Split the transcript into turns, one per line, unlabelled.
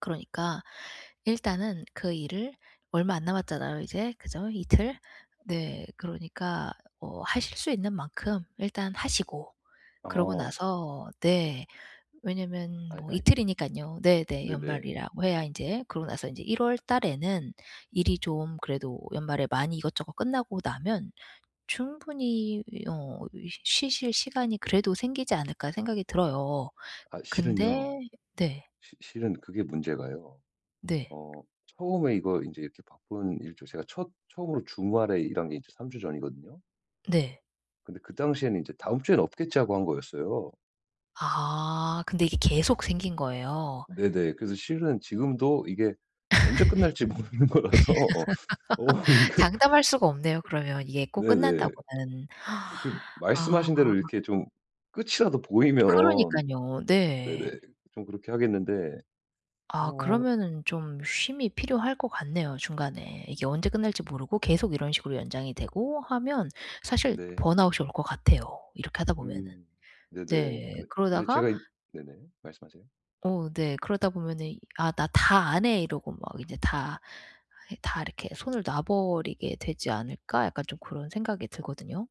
그러니까 일단은 그 일을 얼마 안 남았잖아요 이제. 그죠? 이틀? 네. 그러니까 어 하실 수 있는 만큼 일단 하시고 그러고
어.
나서 네 왜냐하면
아이
뭐
아이.
이틀이니깐요 네네.
네네.
연말이라고 해야 인제 그러고 나서 이제 1 월 달에는 일이 좀 그래도 연말에 많이 이것저것 끝나고 나면 충분히 어 이 '쉬실 시간이 그래도 생기지 않을까.' 생각이 들어요.
아 실은요.
근데 네.
시 실은 그게 문제가요.
네.
어 처음에 이거 인제 바쁜 일 저 제가 첫 처음으로 주말에 일한 게 이제 3 주 전이거든요.
네.
근데 그 당시에는 인제 '다음 주에는 없겠지.' 하고 한 거였어요.
아. 근데 이게 계속 생긴 거예요?
네네. 그래서 실은 지금도 이게 언제 끝날지 모르는 거라서 어 어 이게
장담할 수가 없네요 그러면 이게 꼭
네네.
끝난다고는.
그
아.
말씀하신 대로 이렇게 좀 끝이라도 보이면
그러니깐요. 네.
네네 좀 그렇게 하겠는데
아.
어
그러면은 좀 쉼이 필요할 것 같네요 중간에. 이게 언제 끝날지 모르고 계속 이런 식으로 연장이 되고 하면 사실
네.
번아웃이 올 것 같아요 이렇게 하다 보면은.
음. 네네.
네.
근데 네
그러다가
제가 이 네네 말씀하세요.
어 네 그러다 보면은 이 "아 나 다 안 해." 이러고 막 이제 다, 다 이렇게 '손을 놔 버리게 되지 않을까?' 약간 좀 고런 생각이 들거든요.